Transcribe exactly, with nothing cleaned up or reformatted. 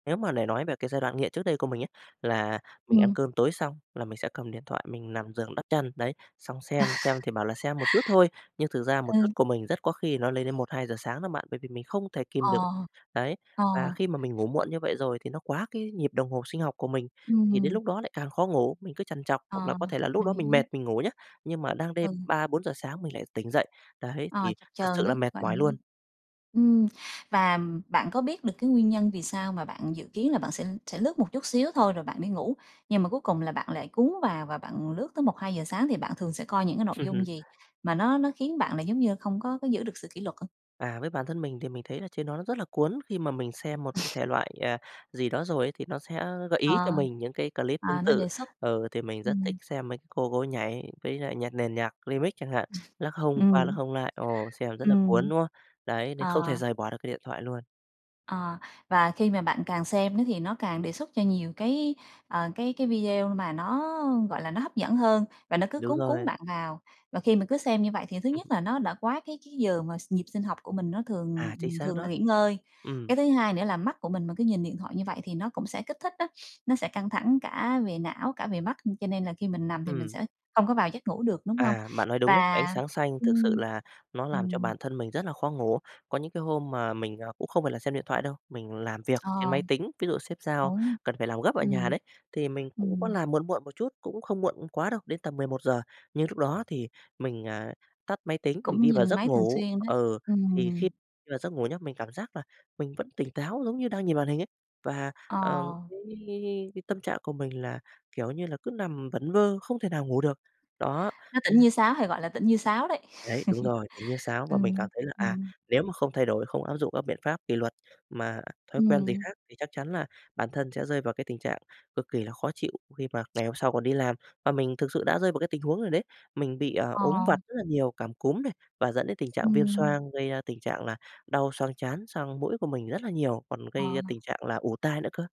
Nếu mà để nói về cái giai đoạn nghiện trước đây của mình ấy, là mình ăn Ừm. cơm tối xong là mình sẽ cầm điện thoại mình nằm giường đắp chăn, đấy, xong À! xem xem thì bảo là xem một chút thôi, nhưng thực ra một chút Ừ. của mình rất có khi nó lên đến một hai giờ sáng đó bạn, bởi vì mình không thể kìm được. Ờ. Đấy, Ờ. và khi mà mình ngủ muộn như vậy rồi thì nó quá cái nhịp đồng hồ sinh học của mình, thì đến Ừm. lúc đó lại càng khó ngủ, mình cứ trằn trọc, hoặc là Ờ, có thể là lúc mình đó mình mệt hiểu. mình ngủ nhá, nhưng mà đang đêm Ừ. ba bốn giờ sáng mình lại tỉnh dậy. Đấy, Ờ, thì chập thật chờn sự là đấy, mệt gọi là mỏi luôn. [unintelligible] Ừm, và bạn có biết được cái nguyên nhân vì sao mà bạn dự kiến là bạn sẽ sẽ lướt một chút xíu thôi rồi bạn đi ngủ, nhưng mà cuối cùng là bạn lại cuốn vào và bạn lướt tới một hai giờ sáng? Thì bạn thường sẽ coi những cái nội dung gì mà nó nó khiến bạn là giống như không có có giữ được sự kỷ luật á? À, với bản thân mình thì mình thấy là trên đó nó rất là cuốn, khi mà mình xem một cái thể loại, à, gì đó rồi ấy thì nó sẽ gợi Ờ, ý cho mình những cái clip tương à, nó tự. đề xuất. Ừ, thì mình rất thích Ừm. xem mấy cái cô cô ấy nhảy với lại nhạc nền nhạc Remix chẳng hạn, lắc hông qua lắc Ừm. hông lại, ồ, xem rất là cuốn, Ừm. đúng không? Đấy, nên Ờ. không thể rời bỏ được cái điện thoại luôn. Ờ, và khi mà bạn càng xem nó thì nó càng đề xuất cho nhiều cái, ờ, cái cái video mà nó, gọi là, nó hấp dẫn hơn và nó cứ Đúng cuốn cuốn rồi. bạn vào. Và khi mà cứ xem như vậy thì thứ Ừm. nhất là nó đã quá cái cái giờ mà s nhịp sinh học của mình nó thường À, chính xác thường là đó. nghỉ ngơi. Ừm. Cái thứ hai nữa là mắt của mình mà cứ nhìn điện thoại như vậy thì nó cũng sẽ kích thích á, nó sẽ căng thẳng cả về não, cả về mắt cho nên là khi mình nằm thì mình Ừm. sẽ không có vào giấc ngủ được, đúng hông? À, bạn nói đúng đấy, ánh Và sáng xanh thực sự ừm, là nó làm cho ừm. bản thân mình rất là khó ngủ. Có những cái hôm mà mình, ờ, cũng không phải là xem điện thoại đâu, mình làm việc trên máy Ờ. tính, ví dụ sếp giao Đúng, cần phải làm gấp ở nhà ừm. đấy, thì mình cũng có Ừm. làm muộn muộn một chút, cũng không muộn quá đâu, đến tầm mười một giờ, nhưng lúc đó thì mình, à, tắt máy tính, mình Cũng đi vào nhìn giấc máy thường ngủ. xuyên đấy, Ừ, thì khi ừm. đi vào giấc ngủ nhớ, mình cảm giác là mình vẫn tỉnh táo giống như đang nhìn màn hình ấy. Và, ờ, Ờ. cái cái cái cái cái tâm trạng của mình là, kiểu như là, cứ nằm vẩn vơ không thể nào ngủ được. Đó. Nó tỉnh [unintelligible] như sáo, hay gọi là tỉnh như sáo đấy. Đấy, đúng rồi, tỉnh như sáo và mình cảm Ừm, thấy là, à, ừm. nếu mà không thay đổi, không áp dụng các biện pháp kỷ luật mà thói quen gì Ừm. khác thì chắc chắn là bản thân sẽ rơi vào cái tình trạng cực kỳ là khó chịu khi mà ngày hôm sau còn đi làm. Và mình thực sự đã rơi vào cái tình huống rồi đấy, mình bị, ờ, Ờ. ốm vặt rất là nhiều, cảm cúm này và dẫn đến tình trạng viêm Ừm. xoang, gây ra tình trạng là đau xoang trán sang mũi của mình rất là nhiều, còn gây ra Ờ. tình trạng là ù tai nữa cơ.